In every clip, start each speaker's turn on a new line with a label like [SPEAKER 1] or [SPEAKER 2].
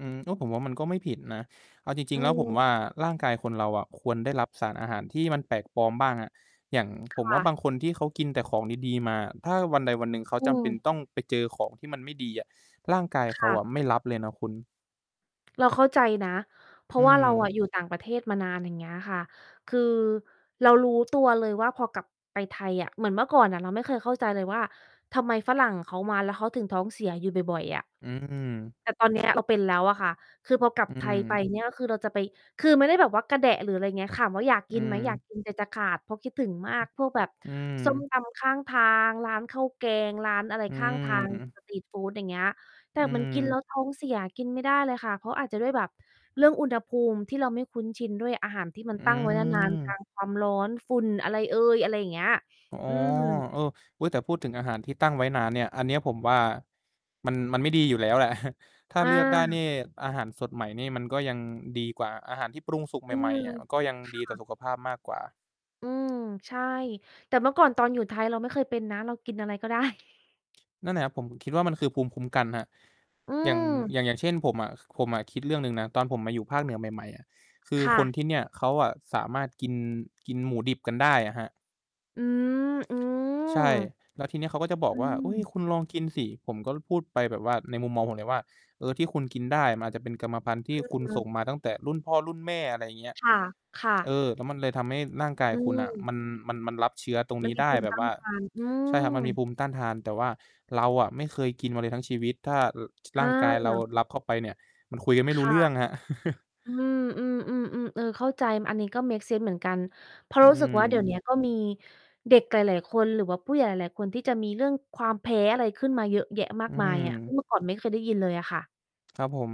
[SPEAKER 1] อืม ก็ผมว่ามันก็ไม่ผิดนะ เอาจริ
[SPEAKER 2] อื
[SPEAKER 1] ง ๆ แล้วผม
[SPEAKER 2] ม
[SPEAKER 1] ว่า ร่างกายคนเราอะควรได้รับสารอาหารที่มันแปลกปลอมบ้างอะ อย่าง
[SPEAKER 2] ค
[SPEAKER 1] ผมว
[SPEAKER 2] ่
[SPEAKER 1] ่า
[SPEAKER 2] ะ
[SPEAKER 1] บางคนที่เขากินแต่ของดี ๆ มา ถ้าวันใดวันหนึ่งเขา
[SPEAKER 2] อื
[SPEAKER 1] จำเป็น
[SPEAKER 2] ม
[SPEAKER 1] ต้องไปเจอของที่มันไม่ดีอะ ร่างกาย
[SPEAKER 2] ค
[SPEAKER 1] เข
[SPEAKER 2] ่
[SPEAKER 1] า
[SPEAKER 2] ะ
[SPEAKER 1] อะไม่รับเลยนะคุณ
[SPEAKER 2] เราเข้าใจนะ เพรา
[SPEAKER 1] อื
[SPEAKER 2] ะว่าเราอ
[SPEAKER 1] ม
[SPEAKER 2] ะ อยู่ต่างประเทศมานาน อย่างเงี้ยค่ะ คือเรารู้ตัวเลยว่า พอกลับไปไทยอะ เหมือนเมื่อก่อนอะเราไม่เคยเข้าใจเลยว่า ทำไมฝรั่งเขามาแล้ว เขาถึงท้องเสียอยู่บ่อย ๆ อะ
[SPEAKER 1] อืม
[SPEAKER 2] แต่ตอน เนี้ย เราเป็นแล้วอะค่ะ คือพอกลับ
[SPEAKER 1] อื
[SPEAKER 2] ไทยไป
[SPEAKER 1] ม
[SPEAKER 2] เนี่ย คือเราจะไป คือไม่ได้แบบว่ากระแดะ หรืออะไรอย่างเงี้ย ถามว่าอยาก
[SPEAKER 1] อ
[SPEAKER 2] ก
[SPEAKER 1] ื
[SPEAKER 2] ินไหม? อยาก
[SPEAKER 1] ม
[SPEAKER 2] กิน ใจจะขาด เพราะคิดถึงมากพวกแบบ
[SPEAKER 1] อื
[SPEAKER 2] ส้ม
[SPEAKER 1] ม
[SPEAKER 2] ตำข้างทาง ร้านข้าวแกง ร้านอะไร
[SPEAKER 1] อื
[SPEAKER 2] ข้าง ทา
[SPEAKER 1] อ
[SPEAKER 2] ง
[SPEAKER 1] ฮึ
[SPEAKER 2] สตรีตฟูด อย่างเงี้ย แต
[SPEAKER 1] อ
[SPEAKER 2] ่
[SPEAKER 1] ื
[SPEAKER 2] มัน กิน แล
[SPEAKER 1] ม
[SPEAKER 2] ้วท้องเสีย กินไม่ได้เลยค่ะ เพราะอาจจะด้วยแบบเรื่องอุณหภูมิที่เราไม่คุ้นชินด้วย อาหารที่มั
[SPEAKER 1] อ
[SPEAKER 2] น
[SPEAKER 1] ื
[SPEAKER 2] ตั้งไว้ นาน ๆ กลา
[SPEAKER 1] ม
[SPEAKER 2] ง ความร้อน ฝุ่นอะไรเอย อะไรอย่างเงี้ย
[SPEAKER 1] อ๋อ
[SPEAKER 2] อืม
[SPEAKER 1] เออ อุ๊ย แต่พูดถึงอาหารที่ตั้งไว้นานเนี่ย อันนี้ผมว่า มัน มันไม่ดีอยู่แล้ว แหละ ถ้า
[SPEAKER 2] อ
[SPEAKER 1] เลือกได้นี
[SPEAKER 2] า
[SPEAKER 1] ่ อาหารสดใหม่นี่ มันก็ยังดีกว่า อาหารที่ปรุงสุกใ
[SPEAKER 2] อื
[SPEAKER 1] หม่
[SPEAKER 2] ม
[SPEAKER 1] ๆ อะ ก็ยัง
[SPEAKER 2] ค
[SPEAKER 1] ดี
[SPEAKER 2] ่
[SPEAKER 1] ต่อ
[SPEAKER 2] ะ
[SPEAKER 1] สุขภาพมากกว่า
[SPEAKER 2] อืม ใช่ แต่เมื่อก่อนตอนอยู่ไทย เราไม่เคยเป็นนะ เรากินอะไร ก็ได้
[SPEAKER 1] นั่นน่ะครับ ผมถึงคิดว่ามันคือภูมิคุ้มกันครับ
[SPEAKER 2] อื
[SPEAKER 1] อย่าง
[SPEAKER 2] ม
[SPEAKER 1] อย่าง อย่างเช่นผมอะ ผมอะคิดเรื่องหนึ่งนะ ตอนผมมาอยู่ภาคเหนือใหม่ ๆ คือ
[SPEAKER 2] ค่
[SPEAKER 1] คน
[SPEAKER 2] ะ
[SPEAKER 1] ที่เนี่ยเขาอะสามารถกิน กินหมูดิบกันได้อะครับ
[SPEAKER 2] อืม อื
[SPEAKER 1] ใช่
[SPEAKER 2] ม
[SPEAKER 1] แล้วทีเนี้ยเขาก็จะบอ
[SPEAKER 2] อ
[SPEAKER 1] ก
[SPEAKER 2] ื
[SPEAKER 1] ว่า อุ้ย
[SPEAKER 2] ม
[SPEAKER 1] คุณลองกินสิ ผมก็พูดไปแบบว่าในมุมมองผมเลยว่า เออ ที่คุณกินได้มันอาจจะเป็นกรรมพันธุ์ที่
[SPEAKER 2] อือ
[SPEAKER 1] คุณ
[SPEAKER 2] ฮึ
[SPEAKER 1] ส่งมาตั้งแต่รุ่นพ่อรุ่นแม่ อะไรอย่างเงี้ย
[SPEAKER 2] ค่ะ ค่ะ
[SPEAKER 1] เออ แล้วมันเลยทำให้ร่างกา
[SPEAKER 2] อ
[SPEAKER 1] ย
[SPEAKER 2] ื
[SPEAKER 1] คุณอะ
[SPEAKER 2] ม
[SPEAKER 1] มัน มัน มันรับเชื้อตรง
[SPEAKER 2] มั
[SPEAKER 1] น
[SPEAKER 2] น
[SPEAKER 1] ี้
[SPEAKER 2] มี
[SPEAKER 1] ได
[SPEAKER 2] ภ
[SPEAKER 1] ้
[SPEAKER 2] ูม
[SPEAKER 1] แ
[SPEAKER 2] ิ
[SPEAKER 1] บ
[SPEAKER 2] ต
[SPEAKER 1] บ
[SPEAKER 2] ้า
[SPEAKER 1] ว
[SPEAKER 2] น
[SPEAKER 1] ่า
[SPEAKER 2] ทาน อื
[SPEAKER 1] ใช่ครับมันมี
[SPEAKER 2] ม
[SPEAKER 1] ภูมิต้านทาน แต่ว่าเราอะไม่เคยกินมาเลยทั้งชีวิต ถ้า ช
[SPEAKER 2] เ
[SPEAKER 1] ร่างกายเรา
[SPEAKER 2] ออ
[SPEAKER 1] รับเข้าไปเนี่ย มันคุยกันไม
[SPEAKER 2] ค
[SPEAKER 1] ่รู้
[SPEAKER 2] ่ะ
[SPEAKER 1] เรื่องครับ
[SPEAKER 2] อืม ๆ ๆ ๆ เออ เข้าใจ อันนี้ก็เมกเซนส์เหมือนกัน เพราะ
[SPEAKER 1] อื
[SPEAKER 2] รู้สึกว่า เดี๋ยว เนี้
[SPEAKER 1] ม
[SPEAKER 2] ย ก็มีเด็กหลาย ๆ คน หรือว่าผู้ใหญ่หลาย ๆ คนที่จะมีเรื่องความแพ้อะไรขึ้นมาเยอะแยะมา
[SPEAKER 1] อ
[SPEAKER 2] ก
[SPEAKER 1] ื
[SPEAKER 2] มาย อะ ซึ่ง
[SPEAKER 1] ม
[SPEAKER 2] เมื่อก่อนไม่เคยได้ยินเลยค่ะ
[SPEAKER 1] ครับผม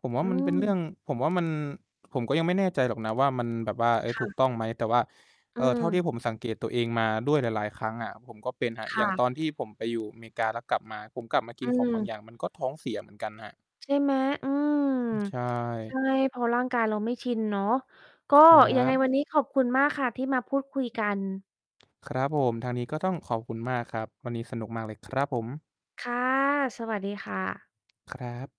[SPEAKER 1] ผมว่
[SPEAKER 2] อื
[SPEAKER 1] ามันเป็นเรื่
[SPEAKER 2] ม
[SPEAKER 1] อง ผมว่ามัน ผมก็ยังไม่แน่ใจหรอกนะว่า มันแบบว่า เอ๊
[SPEAKER 2] ค
[SPEAKER 1] ย
[SPEAKER 2] ่
[SPEAKER 1] ถูก
[SPEAKER 2] ะ
[SPEAKER 1] ต้องไหม? แต่ว่า
[SPEAKER 2] อ
[SPEAKER 1] เ
[SPEAKER 2] ื
[SPEAKER 1] อ่อ เท่าที่
[SPEAKER 2] ม
[SPEAKER 1] ผมสังเกตตัวเองมาด้วยหลาย ๆ ครั้งอะ ผมก็เป็นครับ
[SPEAKER 2] ค
[SPEAKER 1] อย
[SPEAKER 2] ่
[SPEAKER 1] ่างต
[SPEAKER 2] ะ
[SPEAKER 1] อนที่ผมไปอยู่อเมริกา แล้วกลับมา ผมกลับมาก
[SPEAKER 2] อ
[SPEAKER 1] ิน
[SPEAKER 2] ื
[SPEAKER 1] ของบา
[SPEAKER 2] ม
[SPEAKER 1] งอย่าง มันก็ท้องเสียเหมือนกันครับ
[SPEAKER 2] ใช่ไหม อืม
[SPEAKER 1] ใช
[SPEAKER 2] ใช
[SPEAKER 1] ่
[SPEAKER 2] ่เพราะร่างกายเราไม่ชินเนาะ ก็
[SPEAKER 1] ครั
[SPEAKER 2] ยังไง
[SPEAKER 1] บ
[SPEAKER 2] วันนี้ขอบคุณมากค่ะที่มาพูดคุยกัน
[SPEAKER 1] ครับผม ทางนี้ก็ต้องขอบคุณมากครับ วันนี้สนุกมากเลยครับผม
[SPEAKER 2] ค่ะ สวัสดีค่ะ
[SPEAKER 1] ครับ